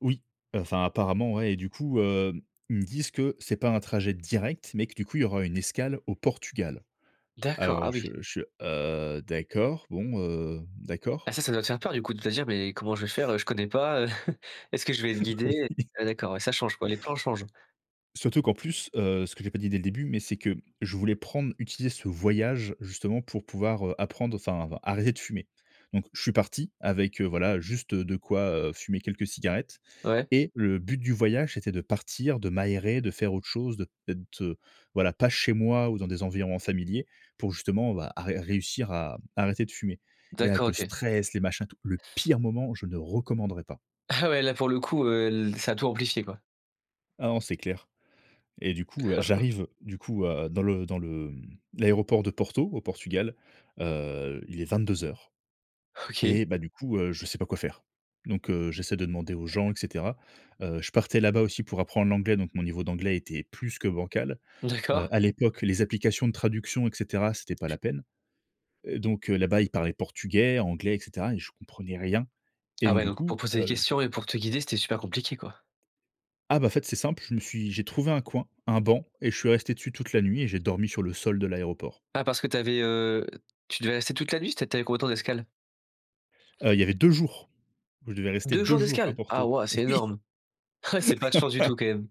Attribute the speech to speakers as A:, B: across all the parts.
A: Oui, heu, enfin, apparemment, ouais et du coup, hem, ils me disent que c'est pas un trajet direct, mais que du coup, il y aura une escale au Portugal.
B: D'accord,
A: Alors
B: ah
A: je
B: oui.
A: je heu, d'accord, bon, heu,
B: Ah
A: d'accord.
B: ça, ça doit te faire peur, du coup, de te dire: «Beh, comment je vais faire, heu, je connais pas, heu. Est-ce que je vais être
A: Oui.
B: guidé?», ah d'accord, ouais, ça change, quoi. Les plans changent.
A: Surtout qu'en plus, heu, ce que j'ai pas dit, dès le début, mais c'est que je voulais prendre utiliser ce voyage, justement, pour pouvoir, heu, apprendre, enfin, arrêter de fumer. Donc je suis parti avec, heu, voilà, juste de quoi, heu, fumer quelques cigarettes
B: Ouais.
A: et le but du voyage, c'était de partir, de m'aérer, de faire autre chose, de d'être, heu, voilà, pas chez moi ou dans des environs familiers, pour justement, bah, à ré réussir à, mmh, arrêter de fumer et avec
B: D'accord,
A: le
B: OK.
A: stress, les machins, tout, le pire moment où je ne recommanderais pas.
B: Ah ouais, là, pour le coup, heu l ça a tout amplifié, quoi.
A: Ah non, c'est clair, et du coup, heu, j'arrive, du coup, heu, dans le dans le, mmh, l'aéroport de Porto, au Portugal. Heu, il est 22:00
B: OK.
A: et bah, du coup, heu, je sais pas quoi faire. Donc, heu, j'essaie de demander aux gens et cetera. Heu, je partais là-bas aussi pour apprendre l'anglais, donc mon niveau d'anglais était plus que bancal. Heu,
B: D'accord.
A: à l'époque, les applications de traduction, et cetera, c'était pas la peine. Heu, donc heu, là-bas, ils parlaient portugais, anglais, et cetera et je comprenais rien et
B: Ah
A: donc
B: ouais,
A: du
B: donc pour
A: coup,
B: poser des
A: heu, je
B: questions et pour te guider, c'était super compliqué, quoi.
A: Ah bah, fait, c'est simple, je me suis j'ai trouvé un coin, un banc et je suis resté dessus toute la nuit et j'ai dormi sur le sol de l'aéroport.
B: Ah parce que tu avais, heu, tu devais rester toute la nuit, c'était tu avais combien de temps d'escale?
A: Heu, il y avait 2 jours où je devais rester
B: 2
A: 2
B: jours
A: jours à
B: d'escale! Ah
A: Porto.
B: waouh, c'est
A: Oui.
B: énorme. Eh! C'est pas de chance du tout, quand même.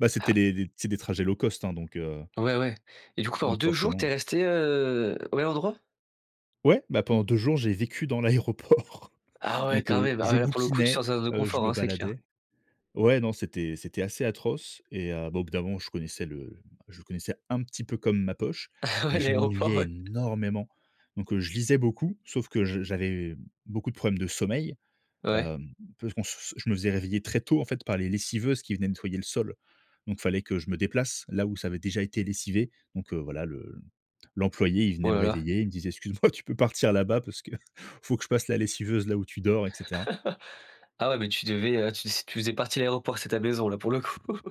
A: Bah, c'était
B: Ah.
A: les les c'est des trajets low cost, hein, donc, heu
B: Ouais, ouais. Et du coup, pendant
A: donc
B: 2 jours, tu es
A: forcément.
B: resté, heu, au même endroit?
A: Ouais, bah, pendant 2 jours, j'ai vécu dans l'aéroport,
B: Ah ouais,
A: donc
B: quand
A: heu,
B: même. Ah
A: je
B: bah, là, pour le coup, tu
A: bouquinais,
B: sors de ta zone de
A: heu, je
B: confort,
A: me
B: hein, c'est clair.
A: baladais Ouais, non, c'était c'était assez atroce et heu, bah, au bout d'un moment, je connaissais le je connaissais un petit peu comme ma poche,
B: Ah ouais,
A: mais je
B: l'aéroport,
A: m'ennuyais
B: ouais.
A: énormément. Donc, heu, je lisais beaucoup. Sauf que je j'avais beaucoup de problèmes de sommeil.
B: Ouais.
A: Hem, parce qu'on se je me faisais réveiller très tôt, en fait, par les lessiveuses qui venaient nettoyer le sol. Donc fallait que je me déplace là, où ça avait déjà été lessivé. Donc heu, voilà, le l'employé, il
B: Oh
A: venait me
B: là là.
A: réveiller, il me disait: «Excuse-moi, tu peux partir là-bas parce que faut que je passe la lessiveuse là où tu dors» et cetera.
B: Ah ouais, mais tu devais, heu, tu s tu faisais partie de l'aéroport. C'est ta maison, là, pour le coup.